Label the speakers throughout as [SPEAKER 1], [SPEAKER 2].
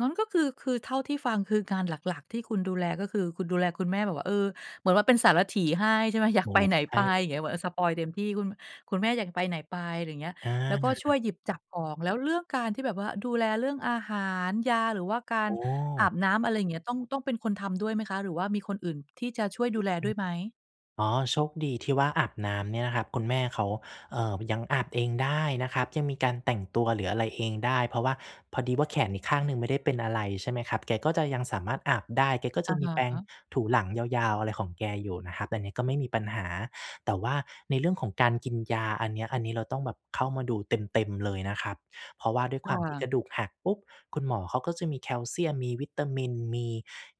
[SPEAKER 1] งั้นก็คือ คือเท่าที่ฟัง คืองานหลัก ๆ ที่คุณดูแลก็คือคุณดูแลคุณแม่ แบบว่า เออ เหมือนว่าเป็นสารถีให้ ใช่ไหม อย
[SPEAKER 2] โ
[SPEAKER 1] า
[SPEAKER 2] อ
[SPEAKER 1] ก
[SPEAKER 2] ้
[SPEAKER 1] ไ
[SPEAKER 2] โ
[SPEAKER 1] ป
[SPEAKER 2] ฮ
[SPEAKER 1] ไหน
[SPEAKER 2] ใช
[SPEAKER 1] ไ
[SPEAKER 2] ่
[SPEAKER 1] ป
[SPEAKER 2] เล
[SPEAKER 1] อย่า
[SPEAKER 2] ย
[SPEAKER 1] งเงี้ย เหมือน อา สปอยล์เต็มที่ คุณ คุณแม่อยากไปไหนไป อะไรอย่างเงี้ย
[SPEAKER 2] อ
[SPEAKER 1] แล้วก็ช่ว
[SPEAKER 2] า
[SPEAKER 1] ยหยิบจับของ แล้วเรื่องการที่แบบว่าดูแลเรื่องอาหาร ยา หรือว่ากา
[SPEAKER 2] โ
[SPEAKER 1] ร
[SPEAKER 2] อ
[SPEAKER 1] อาบ
[SPEAKER 2] ้
[SPEAKER 1] น้ำ อะไรอย่างเงี้ย ต้อง ต้องเป็นคนทำด้วยไหมคะ หรือว่ามีคนอื่นที่จะช่วย
[SPEAKER 2] อือฮ
[SPEAKER 1] ดู
[SPEAKER 2] ึ
[SPEAKER 1] แลด้วยไหม?
[SPEAKER 2] อ๋อ โชคดีที่ว่าอาบน้ำเนี่ยนะครับ คุณแม่เขา เอ่อ ยังอาบเองได้นะครับ ยังมีการแต่งตัว หรืออะไรเองได้ เพราะว่าพอดีว่าแขนอีกข้างหนึ่งไม่ได้เป็นอะไร ใช่ไหมครับ แกก็จะยังสามารถอาบได้ แกก็จ
[SPEAKER 1] อ
[SPEAKER 2] ะ
[SPEAKER 1] ะ
[SPEAKER 2] ม
[SPEAKER 1] ฮ
[SPEAKER 2] ีแปรง
[SPEAKER 1] ะ
[SPEAKER 2] ถูหลังยาว ๆ อะไรของแกอยู่นะครับ อันนี้ก็ไม่มีปัญหา แต่ว่าในเรื่องของการกินยา อันเนี้ย อันนี้เราต้องแบบเข้ามาดูเต็ม ๆ เลยนะครับ เพราะว่าด้วย
[SPEAKER 1] ค
[SPEAKER 2] ค
[SPEAKER 1] ่
[SPEAKER 2] วามที่
[SPEAKER 1] ะ
[SPEAKER 2] กระดูกหักปุ๊บ คุณหมอเขาก็จะมีแคลเซียม มีวิตามิน มี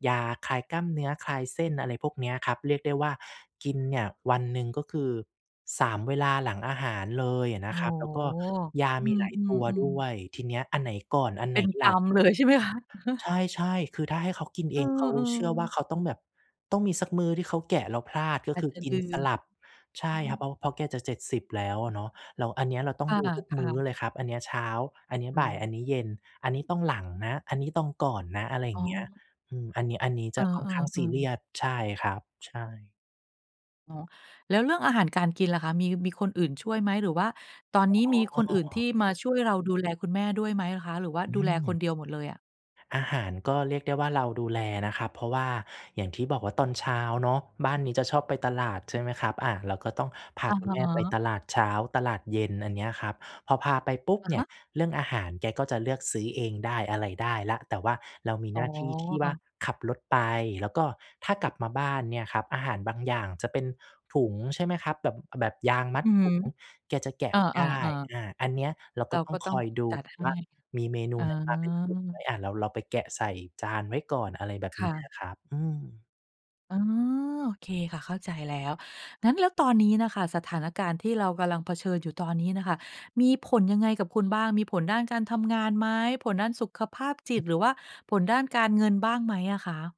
[SPEAKER 2] ยาคลายกล้ามเนื้อ คลายเส้น อะไรพวกเนี้ยครับ เรียกได้ว่ากินเนี่ยวันหนึ่ง ก็คือ 3 เวลาหลังอาหารเลยอะ
[SPEAKER 1] โ
[SPEAKER 2] น
[SPEAKER 1] อ้
[SPEAKER 2] ะ
[SPEAKER 1] โ
[SPEAKER 2] ค
[SPEAKER 1] ฮ
[SPEAKER 2] รับ แล้วก็ ยา
[SPEAKER 1] อ
[SPEAKER 2] ม
[SPEAKER 1] ื
[SPEAKER 2] ีหลายตัวด
[SPEAKER 1] ม
[SPEAKER 2] ้ว
[SPEAKER 1] ๆ ๆ
[SPEAKER 2] ย ทีเนี้ยอันไหนก่อน อัน
[SPEAKER 1] เ
[SPEAKER 2] ไ
[SPEAKER 1] ป
[SPEAKER 2] ห
[SPEAKER 1] ็
[SPEAKER 2] น
[SPEAKER 1] นก
[SPEAKER 2] หล
[SPEAKER 1] ร
[SPEAKER 2] ั
[SPEAKER 1] ร
[SPEAKER 2] บ
[SPEAKER 1] ม เลย ใช่ไหมคะ อะฮะ
[SPEAKER 2] ใช่ ๆ คือถ้าให้เขากิน
[SPEAKER 1] เ
[SPEAKER 2] เ
[SPEAKER 1] อ
[SPEAKER 2] อ
[SPEAKER 1] อ
[SPEAKER 2] ง เขาเชื่อว่า
[SPEAKER 1] ๆ
[SPEAKER 2] เขาต้องแบบ ต้องมีสักมื้อที่เขาแกะแล้วพลาด ก็
[SPEAKER 1] อา
[SPEAKER 2] ค
[SPEAKER 1] จ
[SPEAKER 2] ือ
[SPEAKER 1] จะ
[SPEAKER 2] กิ
[SPEAKER 1] ล
[SPEAKER 2] น
[SPEAKER 1] ื
[SPEAKER 2] ส
[SPEAKER 1] ม
[SPEAKER 2] ลับ ใช
[SPEAKER 1] อ
[SPEAKER 2] ่
[SPEAKER 1] ื
[SPEAKER 2] ครับ เ
[SPEAKER 1] ม
[SPEAKER 2] พราะ เพราะแกจะ 70 แล้วอะเนาะ แล้วอันเนี้ยเราต้อ
[SPEAKER 1] ค
[SPEAKER 2] ง
[SPEAKER 1] ่
[SPEAKER 2] ดูทุกมื
[SPEAKER 1] ะ
[SPEAKER 2] ้อ
[SPEAKER 1] ๆ
[SPEAKER 2] เลยครับ อันเนี้ยเช้า อันเนี้ย
[SPEAKER 1] อื
[SPEAKER 2] บ่าย
[SPEAKER 1] ม
[SPEAKER 2] อันนี้เย็น อันนี้ต้องหลังนะ อันนี้ต้องก่อนนะ อะไรอย
[SPEAKER 1] อ
[SPEAKER 2] ่
[SPEAKER 1] ๋
[SPEAKER 2] าง
[SPEAKER 1] อ
[SPEAKER 2] เงี้ย อืม อันนี้ อันนี้
[SPEAKER 1] เ
[SPEAKER 2] จ
[SPEAKER 1] อ
[SPEAKER 2] ะค่อนข้างซ
[SPEAKER 1] อ
[SPEAKER 2] ีเร
[SPEAKER 1] ๆ
[SPEAKER 2] ี
[SPEAKER 1] ๆ
[SPEAKER 2] ยส ใช่ครับ ใช่
[SPEAKER 1] อ๋อ แล้วเรื่องอาหารการกินล่ะคะ มี มีคนอื่นช่วยไหม? หรือว่าตอนนี้มี
[SPEAKER 2] อ๋
[SPEAKER 1] ค
[SPEAKER 2] อ
[SPEAKER 1] นอื่นที่มาช่วยเราดูแลคุณแม่ด้วยไหมอะคะ หรือว่า
[SPEAKER 2] อื
[SPEAKER 1] ดูแลคน
[SPEAKER 2] ม
[SPEAKER 1] เดียวหมดเลยอะ?
[SPEAKER 2] อาหารก็เรียกได้ว่าเราดูแลนะครับ เพราะว่าอย่างที่บอกว่าตอนเช้าเนาะ บ้านนี้จะชอบไปตลาด ใช่ไหมครับ อา เราก็ต้องพา
[SPEAKER 1] อะ
[SPEAKER 2] คุ
[SPEAKER 1] ฮ
[SPEAKER 2] ณแม่ไป
[SPEAKER 1] ะ
[SPEAKER 2] ตลาดเช้า ตลาดเย็น อันเนี้ยครับพอพาไปปุ๊บ
[SPEAKER 1] อะ
[SPEAKER 2] เนี
[SPEAKER 1] ฮ
[SPEAKER 2] ่ย
[SPEAKER 1] ะ
[SPEAKER 2] เรื่องอาหารแกก็จะเลือกซื้อเองได้ อะไรได้แล้ว แต่ว่าเรามี
[SPEAKER 1] อ๋
[SPEAKER 2] หน้าที่ที่ว่า
[SPEAKER 1] อ
[SPEAKER 2] ขับรถไป แล้วก็ถ้ากลับมาบ้านเนี่ยครับ อาหารบางอย่างจะเป็นถุง ใช่ไหมครับ แบบ อ แบบยางมั
[SPEAKER 1] อ
[SPEAKER 2] ด
[SPEAKER 1] ือฮ
[SPEAKER 2] ถ
[SPEAKER 1] ึ
[SPEAKER 2] ุงแกจะแกะ
[SPEAKER 1] อ
[SPEAKER 2] ไม่ได้
[SPEAKER 1] า ๆ ๆ
[SPEAKER 2] อ่า อันเนี้ยเรา
[SPEAKER 1] เ
[SPEAKER 2] ก
[SPEAKER 1] ร
[SPEAKER 2] ็
[SPEAKER 1] า
[SPEAKER 2] ต้
[SPEAKER 1] ก
[SPEAKER 2] อ
[SPEAKER 1] ็
[SPEAKER 2] ง
[SPEAKER 1] ต
[SPEAKER 2] ค
[SPEAKER 1] ้อง
[SPEAKER 2] อยดู
[SPEAKER 1] จัดให
[SPEAKER 2] ว
[SPEAKER 1] ้
[SPEAKER 2] ่ามีเมนู
[SPEAKER 1] อ
[SPEAKER 2] ไหนมาเป็นถุงไหม
[SPEAKER 1] า
[SPEAKER 2] อา เรา เราไปแกะใส่จานไว้ก่อน อะไรแบบ
[SPEAKER 1] ค
[SPEAKER 2] น
[SPEAKER 1] ่
[SPEAKER 2] ี้
[SPEAKER 1] ะ
[SPEAKER 2] อะครับ อืม
[SPEAKER 1] อ๋อ โอเคค่ะ เข้าใจแล้ว งั้นแล้วตอนนี้น่ะค่ะ สถานการณ์ที่เรากำลังเผชิญอยู่ตอนนี้น่ะค่ะมีผลยังไงกับคุณบ้าง มีผลด้านการทำงานไหม ผลด้านสุขภาพจิต หรือว่าผลด้านการเงินบ้างไหมอะคะ?